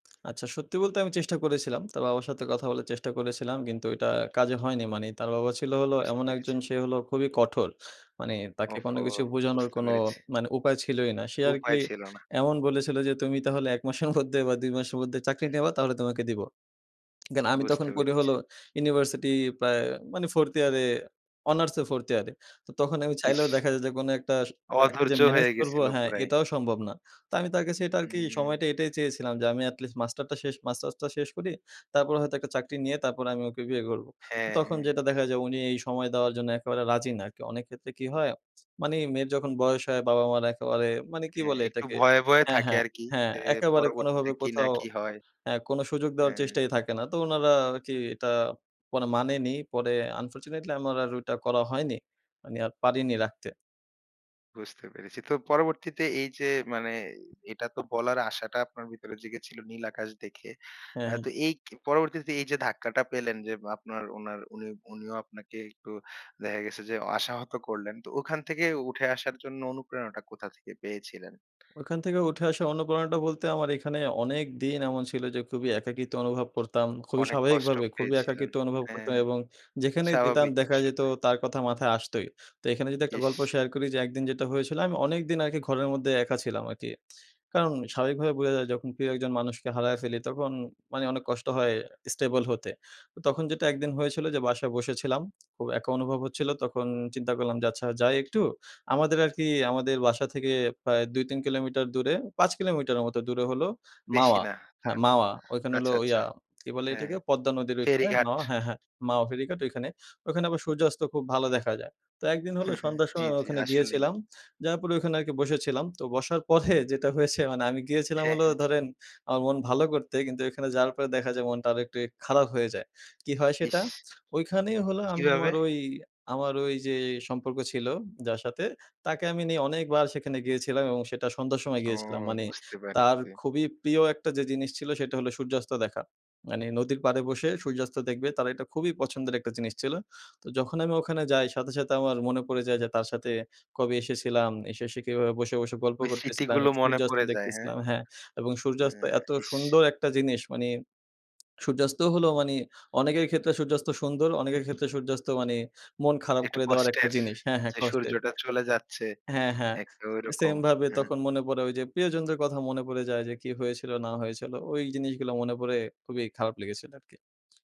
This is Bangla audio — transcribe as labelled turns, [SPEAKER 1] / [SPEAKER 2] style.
[SPEAKER 1] আচ্ছা সত্যি বলতে আমি চেষ্টা করেছিলাম। তার বাবার সাথে কথা বলার চেষ্টা করেছিলাম কিন্তু ওইটা কাজে হয়নি। মানি তার বাবা ছিল হল
[SPEAKER 2] বুঝতে
[SPEAKER 1] এমন
[SPEAKER 2] পেরেছি।
[SPEAKER 1] একজন সে হলো খুবই কঠোর। মানি তাকে কোনো
[SPEAKER 2] ওহহো!
[SPEAKER 1] কিছু বোঝানোর
[SPEAKER 2] বুঝতে
[SPEAKER 1] কোনো
[SPEAKER 2] পেরেছি।
[SPEAKER 1] মানি উপায় ছিলই না। সে আরকি
[SPEAKER 2] উপায় ছিল না।
[SPEAKER 1] এমন বলেছিল যে, "তুমি তাহলে ১ মাসের মধ্যে বা ২ মাসের মধ্যে চাকরি নেবা তাহলে তোমাকে দিবো।" থেন আমি তখন
[SPEAKER 2] বুঝতে
[SPEAKER 1] পড়ি হল
[SPEAKER 2] পেরেছি।
[SPEAKER 1] ইউনিভার্সিটি প্রায় মানি 4th ইয়ারে অনার্সে 4th ইয়ারে। তো তখন আমি চাইলেও
[SPEAKER 2] ইস!
[SPEAKER 1] দেখা যায় যে কোনো একটা তাকে যে
[SPEAKER 2] অধৈর্য
[SPEAKER 1] মেনেজ
[SPEAKER 2] হয়ে
[SPEAKER 1] করব
[SPEAKER 2] গেছিল
[SPEAKER 1] হ্যাঁ,
[SPEAKER 2] পুরাই।
[SPEAKER 1] এটাও সম্ভব না। তো আমি তার কাছে এটা আরকি
[SPEAKER 2] হুম, হুম।
[SPEAKER 1] সময়টা এটাই চেয়েছিলাম যে, "আমি এটলিস্ট মাস্টারটা শেষ মাস্টার্সটা শেষ করি। তারপর হয়তো একটা চাকরি নিয়ে তারপরে আমি ওকে বিয়ে করবো।"
[SPEAKER 2] হ্যাঁ,
[SPEAKER 1] তখন
[SPEAKER 2] হ্যাঁ।
[SPEAKER 1] যেটা দেখা যায় উনি এই সময় দেওয়ার জন্য একেবারে রাজি না। কে অনেক ক্ষেত্রে কি হয়, মানি মেয়ের যখন বয়স হয়, বাবা-মারা একেবারে মানি কি
[SPEAKER 2] হ্যাঁ
[SPEAKER 1] বলে
[SPEAKER 2] একটু
[SPEAKER 1] এটাকে
[SPEAKER 2] ভয়ে, ভয়ে
[SPEAKER 1] হ্যাঁ,
[SPEAKER 2] থাকে
[SPEAKER 1] হ্যাঁ,
[SPEAKER 2] আরকি।
[SPEAKER 1] হ্যাঁ
[SPEAKER 2] যে
[SPEAKER 1] একেবারে
[SPEAKER 2] পরবর্তীতে
[SPEAKER 1] কোনোভাবে
[SPEAKER 2] কি না
[SPEAKER 1] কোথাও
[SPEAKER 2] কি হয়।
[SPEAKER 1] হ্যাঁ, কোনো সুযোগ দেওয়ার
[SPEAKER 2] হ্যাঁ।
[SPEAKER 1] চেষ্টাই থাকে না। তো উনারা আরকি এটা পরে মানেনি পরে আনফরচুনেটলি আমার আর ওইটা করা হয়নি। মানি আর পারিনি রাখতে।
[SPEAKER 2] বুঝতে পেরেছি। তো পরবর্তীতে এইযে মানে এটা তো বলার আশাটা আপনার ভিতরে জেগে ছিল নীল আকাশ দেখে।
[SPEAKER 1] হ্যাঁ,
[SPEAKER 2] অ্যা তো
[SPEAKER 1] হ্যাঁ।
[SPEAKER 2] এই কে পরবর্তীতে এইযে ধাক্কাটা পেলেন যে, আপনার উনার উনি উনিও আপনাকে একটু দেখা গেছে যে আশাহত করলেন। তো ওখান থেকে উঠে আসার জন্য অনুপ্রেরণাটা কোথা থেকে পেয়েছিলেন?
[SPEAKER 1] ওখান থেকে উঠে আসা অনুপ্রেরণাটা বলতে আমার এখানে অনেক দিন এমন ছিল যে খুবই একাকিত্ব অনুভব করতাম। খুবই
[SPEAKER 2] অনেক কষ্ট
[SPEAKER 1] স্বাভাবিকভাবে, খুবই
[SPEAKER 2] পেয়েছিলেন।
[SPEAKER 1] একাকিত্ব অনুভব করতাম
[SPEAKER 2] হ্যাঁ।
[SPEAKER 1] এবং যেখানেই যেতাম
[SPEAKER 2] স্বাভাবিক
[SPEAKER 1] দেখা যেত
[SPEAKER 2] বিষয়টা।
[SPEAKER 1] তার কথা মাথায় আসতই। তো এখানে যদি একটা গল্প
[SPEAKER 2] ইস!
[SPEAKER 1] শেয়ার করি যে, একদিন যেটা হয়েছিল আমি অনেক দিন আরকি ঘরের মধ্যে একা ছিলাম আরকি। কারণ স্বাভাবিকভাবে বোঝা যায় যখন প্রিয় একজন মানুষকে হারায় ফেলি তখন মানি অনেক কষ্ট হয় স্টেবল হতে। তো তখন যেটা একদিন, হয়েছিল যে বাসায় বসেছিলাম, খুব একা অনুভব হচ্ছিলো তখন চিন্তা করলাম আচ্ছা যাই একটু আমাদের আরকি আমাদের বাসা থেকে প্রায় ২-৩ কিলোমিটার দূরে, ৫ কিলোমিটারের মতো দূরে হলো
[SPEAKER 2] বেশি
[SPEAKER 1] মাওয়া।
[SPEAKER 2] না।
[SPEAKER 1] হ্যাঁ,
[SPEAKER 2] জান,
[SPEAKER 1] মাওয়া ওইখান হলো
[SPEAKER 2] আচ্ছা, আচ্ছা।
[SPEAKER 1] ইয়া, কি বলে
[SPEAKER 2] হ্যাঁ।
[SPEAKER 1] এটাকে পদ্মা নদীর ওইখানে
[SPEAKER 2] ফেরিঘাট।
[SPEAKER 1] মাওয়া হ্যাঁ, হ্যাঁ মাওয়া ফেরঘাট ওইখানে। ওইখানে আবার সূর্যাস্ত খুব ভালো দেখা যায়। তো একদিন, হলো সন্ধ্যার
[SPEAKER 2] জি,
[SPEAKER 1] সময় আমি
[SPEAKER 2] জি,
[SPEAKER 1] ওখানে
[SPEAKER 2] আসলেই।
[SPEAKER 1] গিয়েছিলাম, যাওয়ার পরে ওইখানে আরকি বসেছিলাম। তো বসার পরে যেটা হয়েছে মানি আমি গিয়েছিলাম
[SPEAKER 2] হ্যাঁ,
[SPEAKER 1] হলো
[SPEAKER 2] হ্যাঁ।
[SPEAKER 1] ধরেন আমার মন ভালো করতে কিন্তু ওইখানে যাওয়ার পরে দেখা যায় মনটা আরো একটু খারাপ হয়ে যায়। কি হয় সেটা,
[SPEAKER 2] ইস!
[SPEAKER 1] ওইখানেই হল আমি
[SPEAKER 2] কীভাবে?
[SPEAKER 1] আমার ওই আমার ওই যে সম্পর্ক ছিল যার সাথে, তাকে আমি নিয়ে অনেকবার সেখানে গিয়েছিলাম এবং সেটা সন্ধ্যার সময়
[SPEAKER 2] ও
[SPEAKER 1] গিয়েছিলাম মানি
[SPEAKER 2] বুঝতে
[SPEAKER 1] তার
[SPEAKER 2] পারেছি।
[SPEAKER 1] খুবই প্রিয় একটা যে জিনিস ছিল সেটা হল সূর্যাস্ত দেখা। মানি নদীর পাড়ে বসে সূর্যাস্ত দেখবে তারা এটা খুবই পছন্দের একটা জিনিস ছিল তো যখন আমি ওখানে যাই সাথে, সাথে আমার মনে পড়ে যায় যে তার সাথে কবে এসেছিলাম এসে, এসে কীভাবে বসে, বসে গল্প
[SPEAKER 2] ওই
[SPEAKER 1] করতেছিলাম
[SPEAKER 2] স্মৃতিগুলো মনে
[SPEAKER 1] সূর্যাস্ত
[SPEAKER 2] পড়ে যায়, হ্যাঁ?
[SPEAKER 1] দেখতেছিলাম হ্যাঁ, এবং
[SPEAKER 2] অ্যা
[SPEAKER 1] সূর্যাস্ত এত
[SPEAKER 2] ইস!
[SPEAKER 1] সুন্দর একটা জিনিস মানি সূর্যাস্ত হলো মানি অনেকের ক্ষেত্রে সূর্যাস্ত সুন্দর, অনেকের ক্ষেত্রে সূর্যাস্ত মানি মন খারাপ
[SPEAKER 2] একটু
[SPEAKER 1] করে দেওয়ার একটা
[SPEAKER 2] কষ্টের।
[SPEAKER 1] জিনিস হ্যাঁ, হ্যাঁ
[SPEAKER 2] যে
[SPEAKER 1] কস্টের।
[SPEAKER 2] সূর্যটা চলে যাচ্ছে।
[SPEAKER 1] হ্যাঁ, হ্যাঁ
[SPEAKER 2] একটা ঐরকম।
[SPEAKER 1] same ভাবে
[SPEAKER 2] হ্যাঁ।
[SPEAKER 1] তখন মনে পড়ে ওইযে প্রিয়জনদের কথা মনে পড়ে যায়, যে কি হয়েছিল না হয়েছিল ওই জিনিসগুলো মনে পড়ে খুবই খারাপ লেগেছিল আরকি।